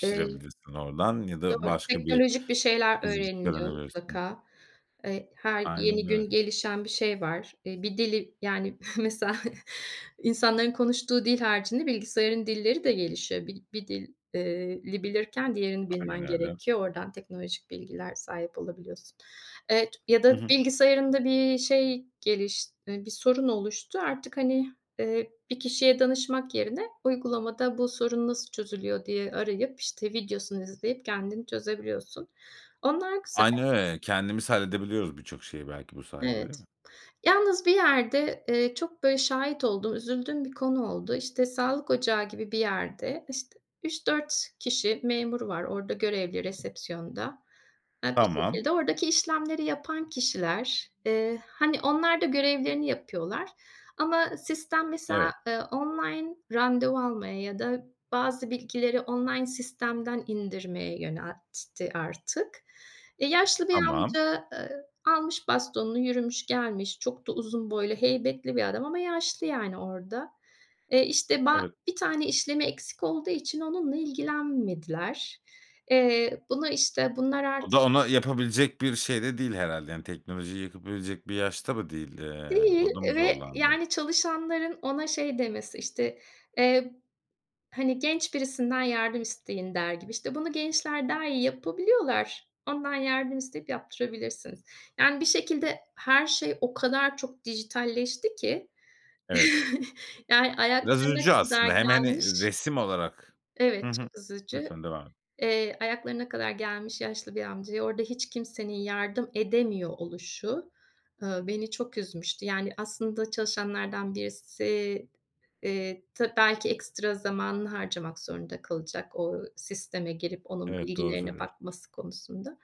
Eee oradan ya da Doğru, başka bir teknolojik bir şeyler öğreniliyor [unintelligible] mutlaka. Eee, her Aynen yeni öyle. gün gelişen bir şey var. Eee, bir dili yani mesela insanların konuştuğu dil haricinde bilgisayarın dilleri de gelişiyor. Bir bir dil eee, li bilirken diğerini Aynen bilmen öyle. gerekiyor. Oradan teknolojik bilgiler sahip olabiliyorsun. Evet, ya Hı da hı. bilgisayarında bir şey geliş eee, bir sorun oluştu; artık, hani, eee, bir kişiye danışmak yerine uygulamada, "Bu sorun nasıl çözülüyor?" diye arayıp, işte, videosunu izleyip kendin çözebiliyorsun. Onlar güze Aynen öyle. Kendimiz halledebiliyoruz birçok şeyi belki bu sayede, Evet. değil mi? Yalnız bir yerde, eee, çok, böyle, şahit olduğum, üzüldüğüm bir konu oldu. İşte sağlık ocağı gibi bir yerde, işte, 3-4 kişi memur var orada görevli resepsiyonda. Ya, bir Tamam. şekilde oradaki işlemleri yapan kişiler, eee, hani, onlar da görevlerini yapıyorlar ama sistem Evet. mesela, eee, online randevu almaya ya da bazı bilgileri online sistemden indirmeye yöneltti artık. E, yaşlı bir Tamam. amca, eee, almış bastonunu yürümüş gelmiş. Çok da uzun boylu, heybetli bir adam ama yaşlı, yani, orada. Eee, işte ba Evet. 1 tane işlemi eksik olduğu için onunla ilgilenmediler. Eee, bunu, işte, bunlar O artık da ona yapabilecek bir şeyde değil herhâlde yani teknolojiyi yapabilecek bir yaşta mı değil? Eee, Değil, orada mı eee, ve zorlandın? yani çalışanların ona şey demesi, işte, eee, hani, "Genç birisinden yardım isteyin." der gibi, işte, "Bunu gençler daha iyi yapabiliyorlar. Ondan yardım isteyip yaptırabilirsiniz." Yani bir şekilde her şey o kadar çok dijitalleşti ki Evet. yani Biraz ayaklarına üzücü kadar aslında. Hem, hani, gelmiş. resim olarak Hı Evet, hı. çok üzücü. Lütfen devam et. Eee, ayaklarına kadar gelmiş yaşlı bir amcaya orada hiç kimsenin yardım edemiyor oluşu, ııı, beni çok üzmüştü. Yani aslında çalışanlardan birisi, eee, ta belki ekstra zamanını harcamak zorunda kalacak o sisteme girip onun Evet, doğru bilgilerine söylüyorsun. bakması konusunda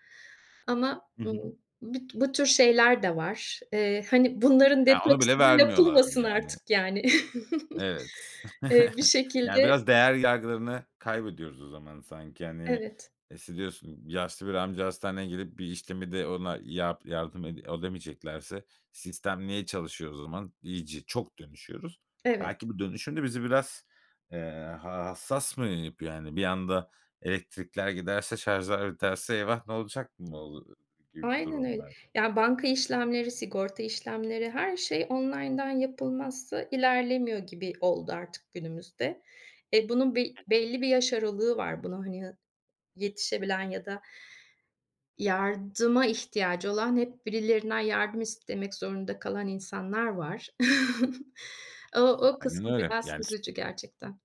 ama, Hı hı. ımm, büt bu tür şeyler de var. Eee, hani bunların Ya, onu bile detoksu da vermiyorlardı, yapılmasın yani. artık, yani. Evet. Eee, bir Yani şekilde biraz değer yargılarını kaybediyoruz o zaman sanki, hani. Evet. İşte, diyorsun: "Yaşlı bir amca hastaneye gelip bir işlemi de ona yap yardım ede edemeyeceklerse sistem niye çalışıyor o zaman?" İyice, çok dönüşüyoruz. Evet. Belki bu dönüşüm de bizi biraz, eee, ha hassas mı yapıyor? Yani bir anda elektrikler giderse şarjlar biterse, "Eyvah! Ne olacak?" mı olu gibi bir Aynen durum öyle. var. Ya, banka işlemleri, sigorta işlemleri, her şey online'dan yapılmazsa ilerlemiyor gibi oldu artık günümüzde. E, bunun bir Hı hı. belli bir yaş aralığı var buna, hani, hı yetişebilen ya da yardıma ihtiyacı olan, hep birilerinden yardım istemek zorunda kalan insanlar var. O o Aynen kısmı öyle, biraz yani s üzücü gerçekten.